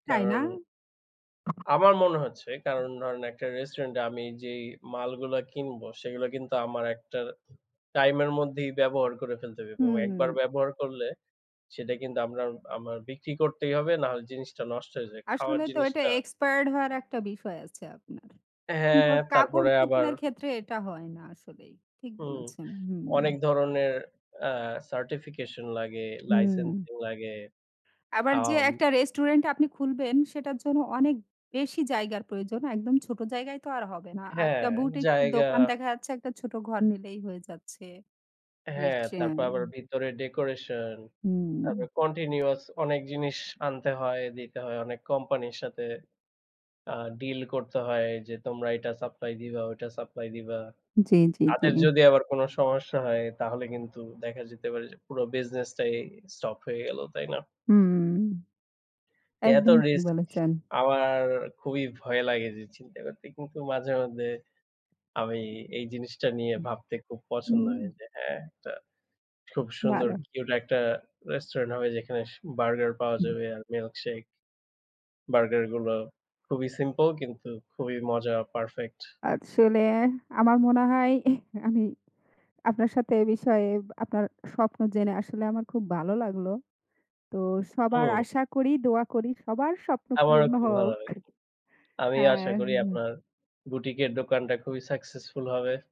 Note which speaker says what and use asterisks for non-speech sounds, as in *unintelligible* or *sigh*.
Speaker 1: তাই না?
Speaker 2: কারণ আমার মনে হচ্ছে কারণ ধরেন একটা restaurant আমি যেই মালগুলা কিনবো সেইগুলা কিন্তু আমার একটা time এর মধ্যেই ব্যবহার করে ফেলতে হবে এবং
Speaker 1: হুম।
Speaker 2: একবার ব্যবহার করলে সেটা কিন্তু আমরা আমার বিক্রি করতেই হবে, না হলে জিনিসটা নষ্ট হয়ে যায়। খাওয়ার
Speaker 1: আসলে তো
Speaker 2: জিনিস
Speaker 1: এটা
Speaker 2: না?
Speaker 1: expired হওয়ার একটা বিষয় আছে আপনার। কিন্তু
Speaker 2: হ্যাঁ, তারপরে আবার
Speaker 1: কাপড়-চোপড়ের ক্ষেত্রে এটা হয় না আসলেই। ঠিক
Speaker 2: হুম।
Speaker 1: বলেছেন। হুম।
Speaker 2: অনেক ধরনের অ্যা certification লাগে,
Speaker 1: হুম।
Speaker 2: licensing লাগে।
Speaker 1: আবার যে
Speaker 2: আম
Speaker 1: একটা restaurant আপনি খুলবেন সেটার জন্য অনেক বেশি জায়গার প্রয়োজন। একদম ছোট জায়গায় তো আর হবে না।
Speaker 2: হ্যাঁ,
Speaker 1: আরেকটা boutiques এর
Speaker 2: জায়গা
Speaker 1: দোকান দেখা যাচ্ছে, একটা ছোট ঘর নিলেই হয়ে যাচ্ছে।
Speaker 2: হ্যাঁ। তারপর আবার
Speaker 1: *unintelligible*
Speaker 2: ভিতরে decoration
Speaker 1: হুম।
Speaker 2: তারপর continuous অনেক জিনিস আনতে হয়, দিতে হয়, অনেক কোম্পানির সাথে আ deal করতে হয়, যে তোমরা এটা supply দিবা, ওটা supply দিবা।
Speaker 1: জি, জি,
Speaker 2: তাদের
Speaker 1: জি।
Speaker 2: যদি আবার কোনো সমস্যা হয় তাহলে কিন্তু দেখা যেতে পারে যে পুরো business টাই stop হয়ে গেল, তাই না?
Speaker 1: হুম।
Speaker 2: এত
Speaker 1: একদম ঠিক
Speaker 2: risk
Speaker 1: বলেছেন।
Speaker 2: আমার খুবই ভয় লাগে যে চিন্তা করতে। কিন্তু মাঝে মধ্যে আমি এই জিনিসটা নিয়ে ভাবতে খুব পছন্দ হয়
Speaker 1: উম
Speaker 2: যে হ্যাঁ, একটা খুব সুন্দর
Speaker 1: ভালো।
Speaker 2: cute একটা restaurant হবে যেখানে স burger পাওয়া যাবে আর milkshake. burger গুলো খুবই simple কিন্তু খুবই মজা, perfect.
Speaker 1: আসলে আমার মনে হয় *chuckles* আমি আপনার সাথে এ বিষয়ে এব আপনার স্বপ্ন জেনে আসলে আমার খুব ভালো লাগলো। তো সবার
Speaker 2: উম
Speaker 1: আশা করি, দোয়া করি সবার স্বপ্ন
Speaker 2: আমারো
Speaker 1: পূরণ
Speaker 2: খুব ভালো
Speaker 1: হোক।
Speaker 2: লাগলো।
Speaker 1: *chuckles*
Speaker 2: আমি আশা
Speaker 1: অ্যাহ
Speaker 2: করি
Speaker 1: হু।
Speaker 2: আপনার boutique এর দোকানটা খুবই successful হবে।